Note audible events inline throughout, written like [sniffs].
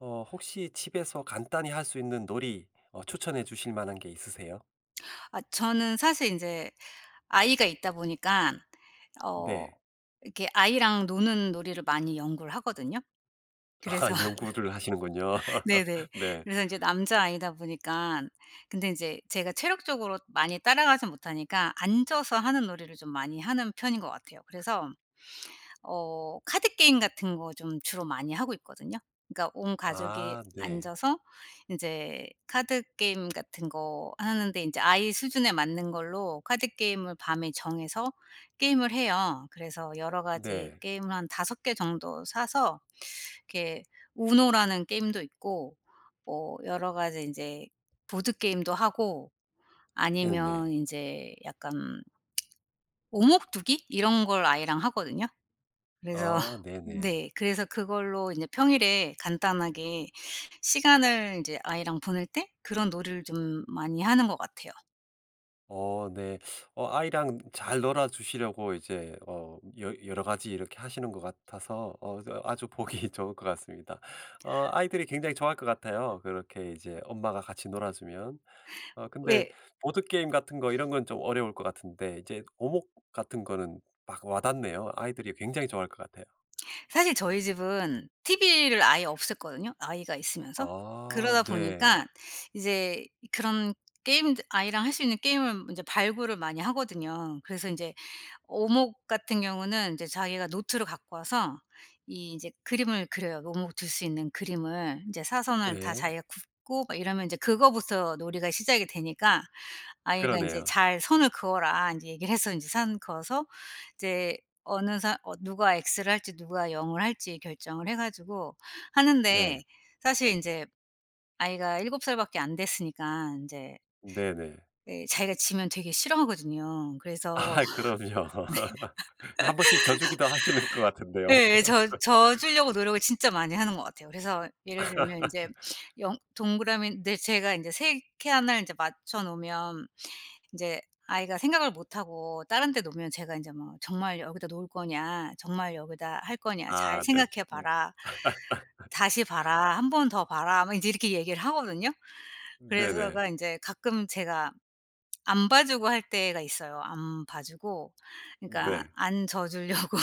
어. 혹시 집에서 간단히 할 수 있는 놀이 어 추천해 주실 만한 게 있으세요? 아 저는 사실 인제 아이가 있다 보니깐 어 네. 이렇게 아이랑 노는 놀이를 많이 연구를 하거든요. 아. 그래서 연구를 하시는군요. 네네. [laughs] 네. 그래서 이제 남자아이다 보니깐 근데 이제 제가 체력적으로 많이 따라가지는 못하니까 앉아서 하는 놀이를 좀 많이 하는 편인 것 같아요. 그래서 어 카드 게임 같은 거 좀 주로 많이 하고 있거든요. 그니까 온 가족이 아. 네. 앉아서 인제 카드 게임 같은 거 하는데 인제 아이 수준에 맞는 걸로 카드 게임을 밤에 정해서 게임을 해요. 그래서 여러 가지 네. 게임을 한 5 개 정도 사서 이렇게 우노라는 게임도 있고 뭐 여러 가지 인제 보드게임도 하고 음 아니면 네. 인제 약간 오목두기? 이런 걸 아이랑 하거든요. 그래서 아. 네네. 네. 그래서 그걸로 이제 평일에 간단하게 시간을 이제 아이랑 보낼 때 그런 놀이를 좀 많이 하는 것 같아요. 어 네. 어 아이랑 잘 놀아주시려고 이제 어 여 여러 가지 이렇게 하시는 것 같아서 어 그래서 아주 보기 좋을 것 같습니다. 어 아이들이 굉장히 좋아할 것 같아요, [laughs] 그렇게 이제 엄마가 같이 놀아주면. 어 근데 왜 보드게임 같은 거 이런 건 좀 어려울 것 같은데 이제 오목 같은 거는 막 와 닿네요. 아이들이 굉장히 좋아할 것 같아요. 사실 저희 집은 티브이를 아예 없앴거든요, 아이가 있으면서. 아. 그러다 네. 보니까 이제 그런 게임들 아이랑 할 수 있는 게임을 인제 발굴을 많이 하거든요. 그래서 인제 오목 같은 경우는 이제 자기가 노트를 갖고 와서 이 이제 그림을 그려요, 오목을 둘 수 있는 그림을. 인제 사선을 다 네. 자기가 긋고 막 이러면 이제 그거부터 놀이가 시작이 되니까 아이가 인제 그러네요. "잘 선을 그어라." 인제 얘기를 해서 인제 선 그어서 이제 어느 사 어 누가 엑스를 할지 누가 영을 할지 결정을 해 가지고 네. 하는데 사실 인제 아이가 7 살 밖에 안 됐으니까 인제 네네. 네 자기가 지면 되게 싫어하거든요. 그래서 아 그럼요. 한 번씩 져 주기도 하시는 것 [laughs] 같은데요. 네. [laughs] 네. 져 져 주려고 [laughs] 노력을 진짜 많이 하는 것 같아요. 그래서 예를 들면 인제 [laughs] 영 동그라미인데 제가 인제 3 칸을 이제 맞춰 놓으면 이제 아이가 생각을 못하고 다른 데 놓으면 제가 인제 뭐 "정말 여기다 놓을 거냐. 정말 여기다 할 거냐. 잘 아 네. 생각해 음. 봐라. 다시 봐라. 1 번 더 봐라." 뭐 인제 이렇게 얘기를 하거든요. 그래서 네네. 제가 인제 가끔 제가 [smacks lips] 안 봐주고 할 때가 있어요. 안 봐주고 그니까 네. 안 져 주려고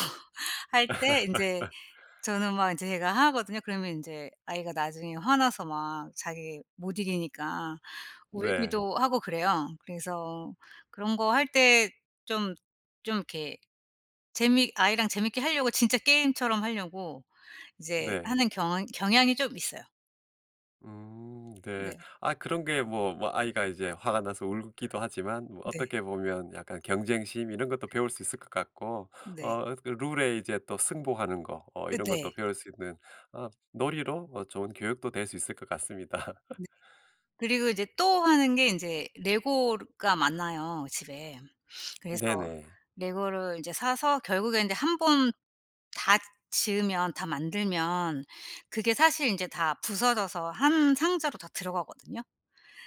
할 때 인제 [laughs] 저는 막 인제 제가 하거든요? 그러면 인제 아이가 나중에 화나서 막 자기 못 이기니까 네. 울기도 하고 그래요. 그래서 그런 거 할 때 좀 좀 이렇게 재미 아이랑 재미있게 하려고 진짜 게임처럼 하려고 이제 네. 하는 경잉 경향이 좀 있어요. 음. 네. 네. 아 그런 게 뭐 뭐 아이가 이제 화가 나서 울기도 하지만 뭐 네. 어떻게 보면 약간 경쟁심 이런 것도 배울 수 있을 것 같고 어 네. 어 그 룰에 이제 또 승복하는 거 어 으 이런 것도 네. 배울 수 있는 어 놀이로 어 좋은 교육도 될 수 있을 것 같습니다. [laughs] 네. 그리고 이제 또 하는 게 인제 레고 르가 많아요 집에. 그래서 네네. 레고를 이제 사서 결국에 인제 1 번 다 지으면 다 만들면 그게 사실 인제 다 부서져서 1 상자로 다 들어가거든요.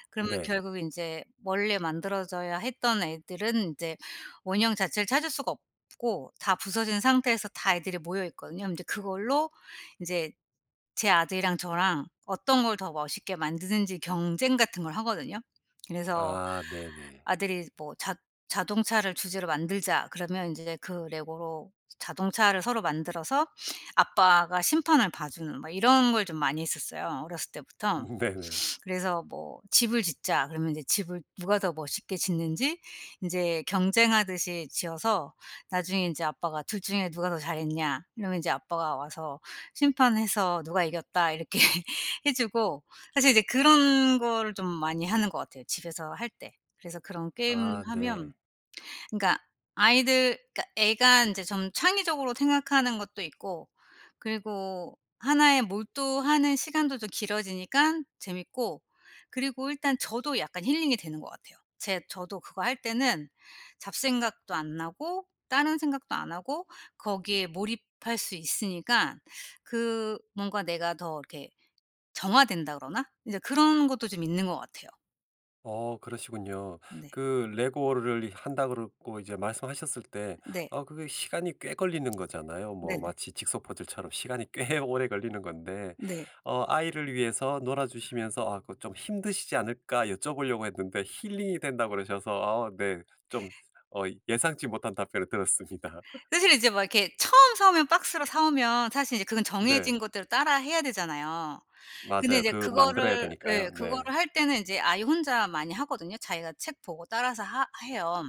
그러면 네. 결국은 인제 원래 만들어져야 했던 애들은 인제 원형 자체를 찾을 수가 없고 다 부서진 상태에서 다 애들이 모여 있거든요. 그럼 인제 그걸로 인제 제 아들이랑 저랑 어떤 걸 더 멋있게 만드는지 경쟁 같은 걸 하거든요. 그래서 아. 네네. 아들이 뭐 "자 자동차를 주제로 만들자." 그러면 인제 그 레고로 자동차를 서로 만들어서 아빠가 심판을 봐 주는 막 이런 걸 좀 많이 했었어요, 어렸을 때부터. 음. 네네. [sniffs] 그래서 뭐 "집을 짓자." 그러면 인제 집을 누가 더 멋있게 짓는지 인제 경쟁하듯이 지어서 나중에 인제 아빠가 "둘 중에 누가 더 잘했냐?" 이러면 이제 아빠가 와서 심판해서 "누가 이겼다." 이렇게 해 주고. 사실 이제 그런 거를 좀 많이 하는 것 같아요, 집에서 할 때. 그래서 그런 아. 네. 게임하면 그러니까 아이들 그니까 애가 인제 좀 창의적으로 생각하는 것도 있고 그리고 하나에 몰두하는 시간들도 좀 길어지니깐 재미있고 그리고 일단 저도 약간 힐링이 되는 것 같아요. 제 저도 그거 할 때는 잡생각도 안 나고 다른 생각도 안 하고 거기에 몰입할 수 있으니까 [sucks teeth] 그 뭔가 내가 더 이렇게 정화된다 그러나? 이제 그런 것도 좀 있는 것 같아요. 어. 그러시군요. 네. 그 레고를 한다고 그러고 이제 말씀하셨을 때 네. 어 그게 시간이 꽤 걸리는 거잖아요. [smacks lips] 뭐 네네. 마치 직소 퍼즐처럼 시간이 꽤 오래 걸리는 건데. 네. 어 아이를 위해서 놀아주시면서 아 그 좀 '힘드시지 않을까?' 여쭤 보려고 했는데 "힐링이 된다."고 그러셔서 아 네. 좀 어 예상치 못한 답변을 들었습니다. [laughs] 사실 이제 막 이렇게 처음 사 오면 박스로 사 오면 사실 이제 그건 네. 정해진 것대로 따라해야 되잖아요. 근데 맞아요. 인제 그 만들어야 그거를 되니까요. 예 네. 그거를 할 때는 이제 아이 혼자 많이 하거든요. 자기가 책 보고 따라서 하 해요.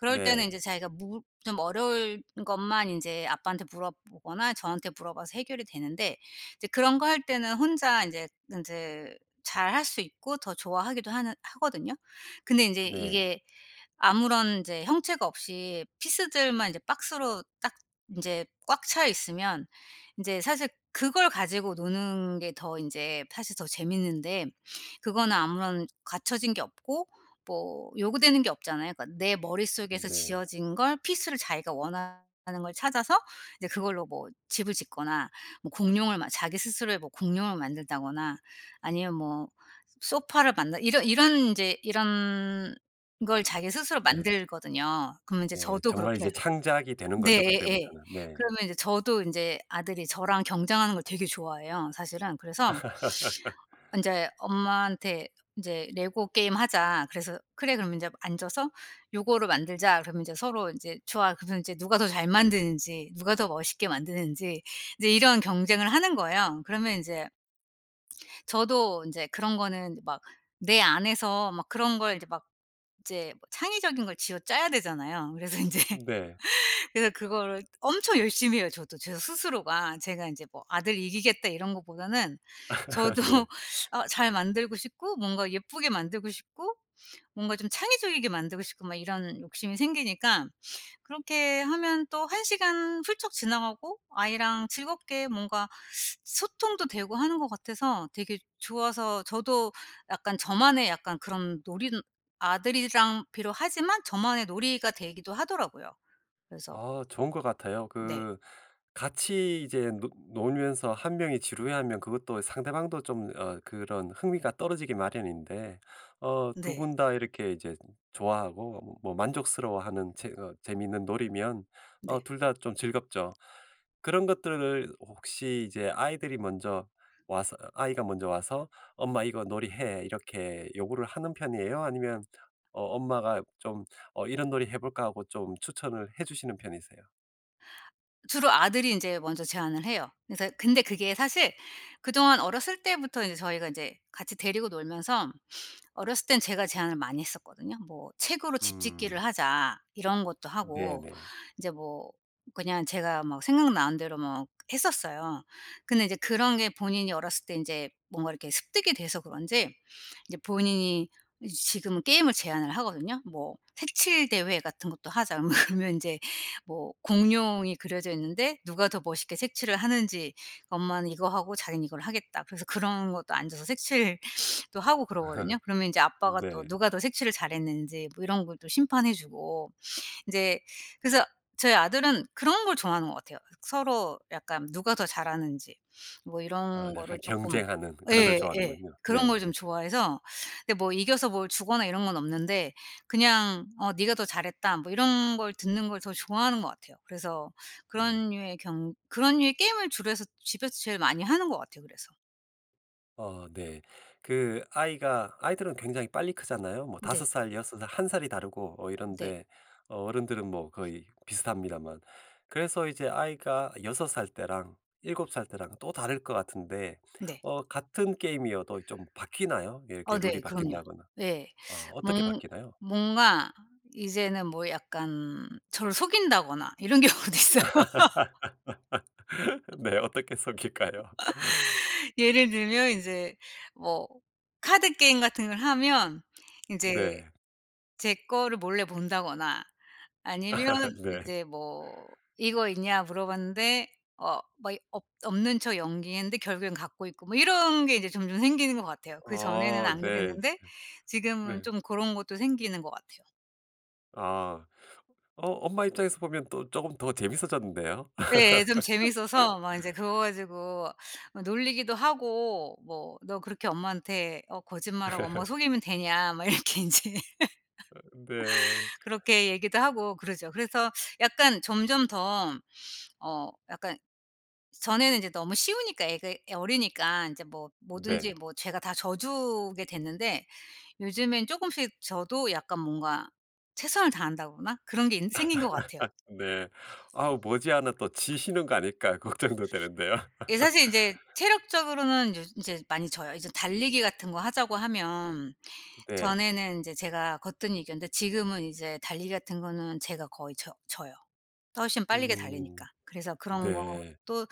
그럴 때는 네. 인제 자기가 물 좀 어려울 것만 이제 아빠한테 물어보거나 저한테 물어봐서 해결이 되는데 이제 그런 거 할 때는 혼자 인제 인제 잘할 수 있고 더 좋아하기도 하는 하거든요. 근데 인제 네. 이게 아무런 인제 형체가 없이 피스들만 이제 박스로 딱 인제 꽉 차 있으면 인제 사실 그걸 가지고 노는 게 더 인제 사실 더 재미있는데 그거는 아무런 갖춰진 게 없고 뭐 요구되는 게 없잖아요. 그러니까 내 음 머릿속에서 네. 지어진 걸 피스를 자기가 원하는 걸 찾아서 이제 그걸로 뭐 집을 짓거나 뭐 공룡을 막 자기 스스로의 뭐 공룡을 만든다거나 아니면 뭐 소파를 만든 이런 이런 인제 이런 걸 자기 스스로 예. 만들거든요. 그러면 이제 예. 저도 정말 이제 그렇게 창작이 되는 네. 거죠 예예. 그때부터는. 네. 그러면 인제 저도 인제 아들이 저랑 경쟁하는 걸 되게 좋아해요 사실은. 그래서 [laughs] 인제 엄마한테 인제 "레고 게임하자." 그래서 "그래. 그럼 인제 앉아서 요거를 만들자." 그러면 인제 서로 인제 "좋아." 그러면 이제 누가 더 잘 만드는지 누가 더 멋있게 만드는지 이제 이런 경쟁을 하는 거예요. 그러면 인제 저도 인제 그런 거는 막 내 안에서 막 그런 걸 이제 막 이제 뭐 창의적인 걸 쥐어짜야 되잖아요. 그래서 인제 [laughs] 네. 그래서 그거를 엄청 열심히 해요 저도 제가 스스로가. 제가 이제 뭐 '아들 이기겠다.' 이런 것보다는 [laughs] 저도 네. 아 잘 만들고 싶고 뭔가 예쁘게 만들고 싶고 뭔가 좀 창의적이게 만들고 싶고 막 이런 욕심이 생기니까 그렇게 하면 또 1 시간 훌쩍 지나가고 아이랑 즐겁게 뭔가 [sucks teeth] 소통도 되고 하는 것 같아서 되게 좋아서 저도 약간 저만의 약간 그런 놀이는 아들이랑 비록 하지만 저만의 놀이가 되기도 하더라고요. 그래서 아. 좋은 것 같아요. 네. 그 같이 이제 노 놀면서 1 명이 지루해하면 그것도 상대방도 좀 어 그런 흥미가 떨어지기 마련인데 어 2 네. 분 다 이렇게 이제 좋아하고 어 뭐 만족스러워하는 재 어 재미있는 놀이면 어 네. 둘 다 좀 즐겁죠. 그런 것들을 혹시 이제 아이들이 먼저 와서 아이가 먼저 와서 "엄마 이거 놀이 해." 이렇게 요구를 하는 편이에요? 아니면 어 엄마가 좀 "어 이런 놀이 해 볼까?" 하고 좀 추천을 해 주시는 편이세요? 주로 아들이 인제 먼저 제안을 해요. 그래서 근데 그게 사실 그동안 어렸을 때부터 이제 저희가 인제 같이 데리고 놀면서 어렸을 땐 제가 제안을 많이 했었거든요? 뭐 "책으로 집 음. 짓기를 하자." 이런 것도 하고 네네. 이제 뭐 그냥 제가 뭐 생각나는 대로 뭐 했었어요. 근데 이제 그런 게 본인이 어렸을 때 인제 뭔가 이렇게 습득이 돼서 그런지 이제 본인이 이제 지금은 게임을 제안을 하거든요? 뭐 "색칠 대회 같은 것도 하자." 뭐 그러면 인제 뭐 공룡이 그려져 있는데 누가 더 멋있게 색칠을 하는지, "엄마는 이거 하고 자기는 이걸 하겠다." 그래서 그런 것도 앉아서 색칠 [sniffs] 도 하고 그러거든요. [laughs] 그러면 인제 아빠가 또 네. 누가 더 색칠을 잘했는지 뭐 이런 걸 또 심판해 주고. 인제 그래서 저희 아들은 그런 걸 좋아하는 것 같아요. 서로 약간 누가 더 잘하는지 뭐 어 이런 약간 거를 쪼끔 경쟁하는 그런 걸 예. 예. 좋아하는군요. 그런 걸 네. 좀 좋아해서 근데 뭐 이겨서 뭘 주거나 이런 건 없는데 그냥 어 "네가 더 잘했다." 뭐 이런 걸 듣는 걸 더 좋아하는 것 같아요. 그래서 네. 그런 류의 경 그런 류의 게임을 주로 해서 집에서 제일 많이 하는 것 같아요 그래서. 어 네. 그 아이가 아이들은 굉장히 빨리 크잖아요. 뭐 5 네. 살 6 살 1 살이 다르고 어 네. 이런데 어른들은 뭐 거의 비슷합니다만. 그래서 이제 아이가 6 살 때랑 7 살 때랑 또 다를 것 같은데 네. 어 같은 게임이어도 좀 바뀌나요? 이렇게 어 룰이 네. 그럼요. 바뀐다거나. 예. 아 [sucks teeth] 어떻게 음. 바뀌나요? 뭔가 이제는 뭐 약간 저를 속인다거나 이런 경우도 있어요. [laughs] [laughs] [laughs] 네. 어떻게 속일까요? [laughs] 예를 들면 이제 뭐 카드 게임 같은 걸 하면 인제 네. 제 거를 몰래 본다거나 아니면 [laughs] 네. 이제 뭐 "이거 있냐?" 물어봤는데 어 뭐 이 없 없는 척 연기했는데 결국엔 갖고 있고 뭐 이런 게 이제 점점 생기는 것 같아요. 그전에는 어 안 네. 즈 그랬는데 네. 지금은 네. 좀 고런 것도 생기는 것 같아요. 아. 어 엄마 입장에서 보면 또 쪼금 더 재미있어졌는데요. 예. 예 좀 [laughs] 재미있어서 막 인제 그거 가지고 뭐 놀리기도 하고 뭐 "너 그렇게 엄마한테 어 거짓말하고 엄마 속이면 [laughs] 되냐?" 막 이렇게 인제 어 네. [laughs] 그렇게 얘기도 하고 그러죠. 그래서 약간 점점 더 어 약간 전에는 이제 너무 쉬우니까 애가 어리니까 인제 뭐 뭐든지 네. 뭐 제가 다 져주게 됐는데 요즘엔 쪼금씩 저도 약간 뭔가 최선을 다한다거나 그런 게 인제 생긴 것 같아요. [laughs] 네. 아우 머지않아 또 지시는 거 아닐까 걱정도 되는데요. 예 사실 인제 [laughs] 체력적으로는 요즈 인제 많이 져요. 이제 달리기 같은 거 하자고 하면 네. 전에는 이제 제가 거뜬히 이겼는데 지금은 이제 달리기 같은 거는 제가 거의 져 져요. 더 훨씬 빠르게 달리니까. 음. 그래서 그런 네. 것도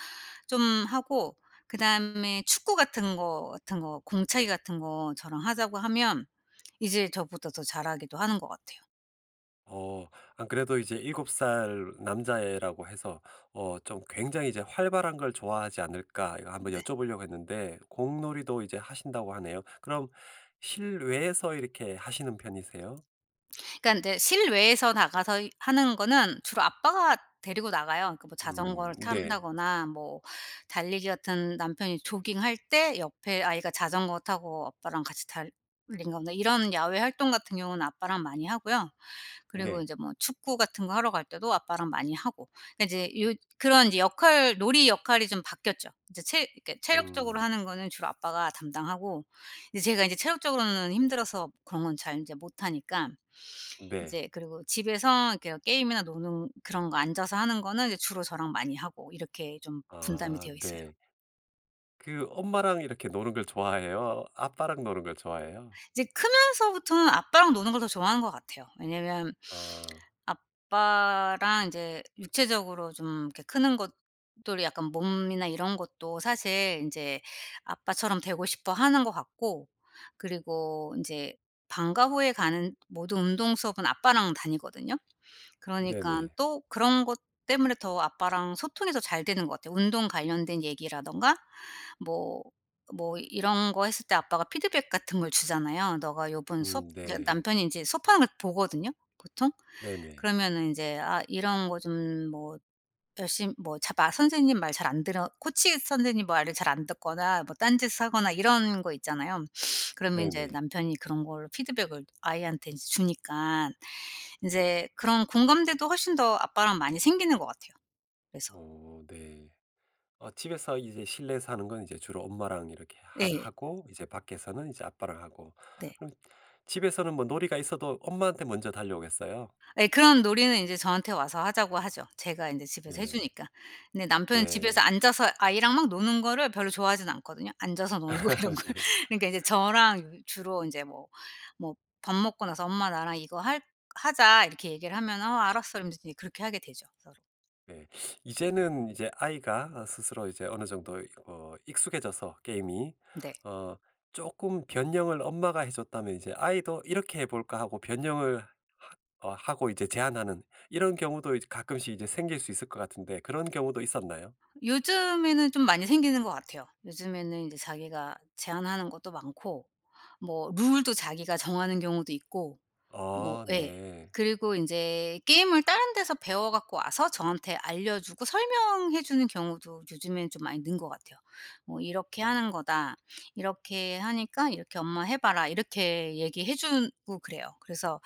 좀 하고 그다음에 축구 같은 거 같은 거 공차기 같은 거 저랑 하자고 하면 이제 저보다 더 잘하기도 하는 것 같아요. 어. 안 그래도 이제 7 살 남자애라고 해서 어 '좀 굉장히 이제 활발한 걸 좋아하지 않을까?' 이거 한번 네. 여쭤보려고 했는데 공놀이도 이제 하신다고 하네요. 그럼 실외에서 이렇게 하시는 편이세요? 그러니깐 이제 실외에서 나가서 이 하는 거는 주로 아빠가 데리고 나가요. 그 뭐 자전거를 음. 네. 탄다거나 뭐 달리기 같은 남편이 조깅할 때 옆에 아이가 자전거 타고 아빠랑 같이 달리는 거나 이런 야외 활동 같은 경우는 아빠랑 많이 하고요. 그리고 네. 인제 뭐 축구 같은 거 하러 갈 때도 아빠랑 많이 하고. 그러니까 이제 요 그런 이제 역할 놀이 역할이 좀 바뀌었죠. 이제 체 그러니까 체력적으로 음. 하는 거는 주로 아빠가 담당하고 이제 제가 인제 체력적으로는 힘들어서 그런 건 잘 인제 못하니깐. 네. 이제 그리고 집에서 이렇게 게임이나 노는 그런 거 앉아서 하는 거는 이제 주로 저랑 많이 하고. 이렇게 좀 분담이 아. 되어 있어요. 네. 그 엄마랑 이렇게 노는 걸 좋아해요, 아빠랑 노는 걸 좋아해요? 이제 크면서부터는 아빠랑 노는 걸 더 좋아하는 것 같아요. 왜냐하면 아. 아빠랑 이제 육체적으로 좀 이렇게 크는 것들이 약간 몸이나 이런 것도 사실 인제 아빠처럼 되고 싶어하는 것 같고 그리고 인제 방과 후에 가는 모든 운동 수업은 아빠랑 다니거든요. 그러니깐 네네. 또 그런 것 때문에 더 아빠랑 소통이 더 잘 되는 것 같아요. 운동 관련된 얘기라든가 뭐 뭐 이런 거 했을 때 아빠가 피드백 같은 걸 주잖아요. "너가 요번 수업" 음. 이제 네. 남편이 인제 수업하는 걸 보거든요, 보통. 네네. 그러면은 인제 아 이런 거 좀 뭐 열심 뭐 잘 말 선생님 말 잘 안 들어 코치 선생님 말을 잘 안 듣거나 뭐 딴짓을 하거나 이런 거 있잖아요. [sniffs] 그러면 인제 네네. 남편이 그런 거를 피드백을 아이한테 인제 주니까 인제 그런 공감대도 훨씬 더 아빠랑 많이 생기는 것 같아요. 그래서. 어. 네. 어 집에서 이제 실내에서 하는 건 이제 주로 엄마랑 이렇게 하 예. 하고 이제 밖에서는 이제 아빠랑 하고. 네. 그럼 집에서는 뭐 놀이가 있어도 엄마한테 먼저 달려오겠어요. 예. 그런 놀이는 인제 저한테 와서 하자고 하죠. 제가 인제 집에서 해 네. 주니까. 근데 남편은 집에서 네. 앉아서 아이랑 막 노는 거를 별로 좋아하진 않거든요. 앉아서 노는 거 이런 [laughs] 걸. 네. 그러니까 이제 저랑 주로 인제 뭐, 뭐 밥 먹고 나서 "엄마 나랑 이거 할 하자." 이렇게 얘기를 하면은 어 "알았어." 이러면서 그렇게 하게 되죠 서로. 네. [sucks teeth] 이제는 이제 아이가 어 스스로 이제 어느 정도 이 어 익숙해져서 게임이 네. 어 쪼끔 변형을 엄마가 해줬다면 이제 아이도 '이렇게 해볼까?' 하고 변형을 하 어 하고 이제 제안하는 이런 경우도 이제 가끔씩 이제 생길 수 있을 것 같은데 그런 경우도 있었나요? 요즘에는 좀 많이 생기는 것 같아요. 요즘에는 이제 자기가 제안하는 것도 많고 뭐 룰도 자기가 정하는 경우도 있고 뭐 아. 예. 네. 그리고 인제 게임을 다른 데서 배워 갖고 와서 저한테 알려 주고 설명해 주는 경우도 요즘에는 좀 많이 는 것 같아요. 뭐 "이렇게 어. 하는 거다. 이렇게 하니까 이렇게 엄마 해 봐라." 이렇게 얘기해 주고 그래요. 그래서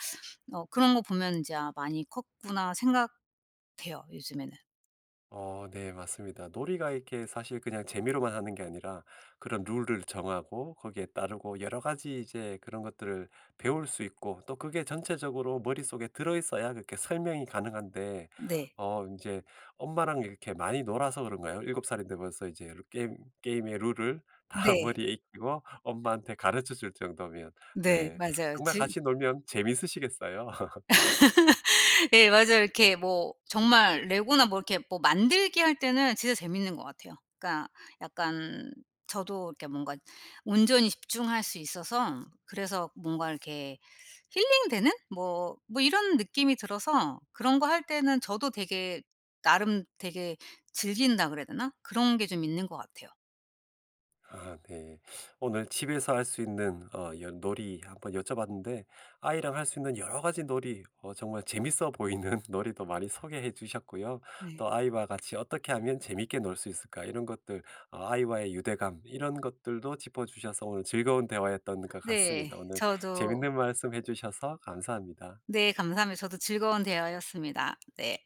어 그런 거 보면은 이제 아 '많이 컸구나.' 생각돼요 요즘에는. 어 네. 맞습니다. 놀이가 이렇게 사실 그냥 재미로만 하는 게 아니라 그런 룰을 정하고 거기에 따르고 여러 가지 이제 그런 것들을 배울 수 있고 또 그게 전체적으로 머릿속에 들어 있어야 그렇게 설명이 가능한데 네. 어 인제 엄마랑 이렇게 많이 놀아서 그런가요? 7 살인데 벌써 이제 게임 게임의 룰을 다 네. 머리에 익히고 엄마한테 가르쳐 줄 정도면 네 네 맞아요. 정말 지금 같이 놀면 재밌으시겠어요. [laughs] [laughs] 예 맞아요. 이렇게 뭐 정말 레고나 뭐 이렇게 뭐 만들기 할 때는 진짜 재밌는 것 같아요. 그러니까 약간 저도 이렇게 뭔가 온전히 집중할 수 있어서 그래서 뭔가 이렇게 힐링되는? 뭐 뭐 이런 느낌이 들어서 그런 거 할 때는 저도 되게 나름 되게 즐긴다 그래야 되나? 그런 게 좀 있는 것 같아요. [laughs] 네. 오늘 집에서 할 수 있는 어 연 놀이 한번 여쭤봤는데 아이랑 할 수 있는 여러 가지 놀이 어 정말 재밌어 보이는 놀이도 많이 소개해 주셨고요. 네. 또 "아이와 같이 어떻게 하면 재밌게 놀 수 있을까?" 이런 것들 어 아이와의 유대감 이런 것들도 짚어 주셔서 오늘 즐거운 대화였던 것 네. 같습니다. 오늘 저도 재밌는 말씀해 주셔서 감사합니다. 네. 감사합니다. 저도 즐거운 대화였습니다. 네.